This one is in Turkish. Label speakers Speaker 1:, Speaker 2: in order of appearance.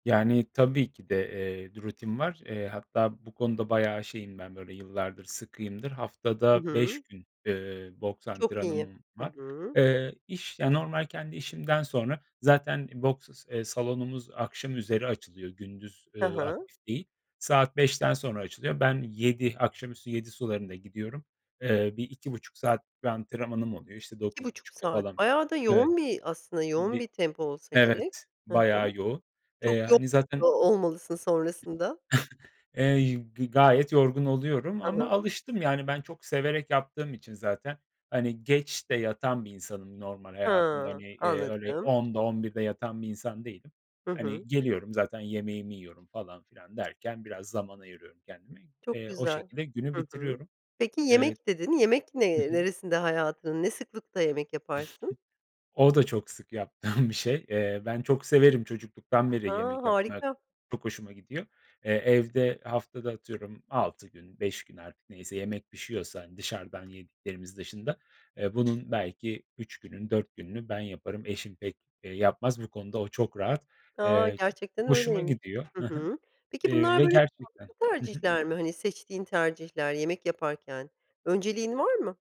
Speaker 1: Yani, tabii ki de, eee, bir rutin var. Eee, hatta bu konuda bayağı şeyim ben böyle yıllardır sıkıyımdır.
Speaker 2: Hı
Speaker 1: Haftada 5
Speaker 2: hı.
Speaker 1: gün, eee, boks
Speaker 2: Çok iyi.
Speaker 1: antrenmanım
Speaker 2: Hı
Speaker 1: var.
Speaker 2: hı.
Speaker 1: Eee, iş ya, normal kendi işimden sonra zaten i boks s eee, salonumuz akşam üzeri açılıyor, gündüz,
Speaker 2: Hı
Speaker 1: ııı,
Speaker 2: hı.
Speaker 1: aktif değil. Saat 17.00'dan sonra açılıyor. Ben yedi akşam üstü 19.00 sularında gidiyorum. Eee, bir 2,5 saat bir antrenmanım oluyor, işte,
Speaker 2: iki
Speaker 1: dokuz
Speaker 2: buçuk
Speaker 1: buçukta
Speaker 2: saat.
Speaker 1: falan
Speaker 2: Bayağı da
Speaker 1: Evet.
Speaker 2: yoğun bir aslında yoğun
Speaker 1: Bi
Speaker 2: bir tempo olsa gerek.
Speaker 1: Evet,
Speaker 2: Hı hı.
Speaker 1: bayağı yoğun.
Speaker 2: Çok
Speaker 1: Eee,
Speaker 2: yo
Speaker 1: hani,
Speaker 2: o
Speaker 1: zaten
Speaker 2: olmalısın sonrasında.
Speaker 1: Eee, y g gayet yorgun oluyorum
Speaker 2: Hı
Speaker 1: ama
Speaker 2: hı.
Speaker 1: alıştım yani ben çok severek yaptığım için zaten, hani, geç de yatan bir insanım normal hayatımda.
Speaker 2: Ha,
Speaker 1: Hani, eee, öyle
Speaker 2: anladım.
Speaker 1: 22.00'da, 23.00'da de yatan bir insan değilim.
Speaker 2: Hı hı.
Speaker 1: Hani, geliyorum zaten yemeğimi yiyorum falan filan derken biraz zaman ayırıyorum kendime.
Speaker 2: Çok
Speaker 1: Eee, o
Speaker 2: güzel.
Speaker 1: şekilde günü
Speaker 2: Hı hı.
Speaker 1: bitiriyorum.
Speaker 2: Peki
Speaker 1: Evet.
Speaker 2: "yemek" dedin. Yemek
Speaker 1: Hı
Speaker 2: ne
Speaker 1: hı.
Speaker 2: neresinde hayatının, ne sıklıkta yemek yaparsın?
Speaker 1: O da çok sık yaptığım bir şey. Eee, ben çok severim, çocukluktan beri
Speaker 2: A,
Speaker 1: yemek yapmak
Speaker 2: harika!
Speaker 1: çok hoşuma gidiyor. Eee, evde haftada atıyorum 6 gün, 5 gün artık neyse yemek pişiyorsa, hani, dışarıdan yediklerimiz dışında, eee, bunun belki 3 gününü, 4 gününü ben yaparım. Eşim pek, eee, yapmaz. Bu konuda o çok rahat.
Speaker 2: A!
Speaker 1: Eee, çok
Speaker 2: Gerçekten
Speaker 1: hoşuma
Speaker 2: öyleymiş.
Speaker 1: gidiyor
Speaker 2: Hı
Speaker 1: Hı hı.
Speaker 2: hı. Peki,
Speaker 1: Eee,
Speaker 2: bunlar
Speaker 1: ve
Speaker 2: böyle
Speaker 1: gerçekten
Speaker 2: sağlıklı
Speaker 1: Hı hı.
Speaker 2: tercihler mi? Hani, seçtiğin tercihler yemek yaparken? Önceliğin var mı?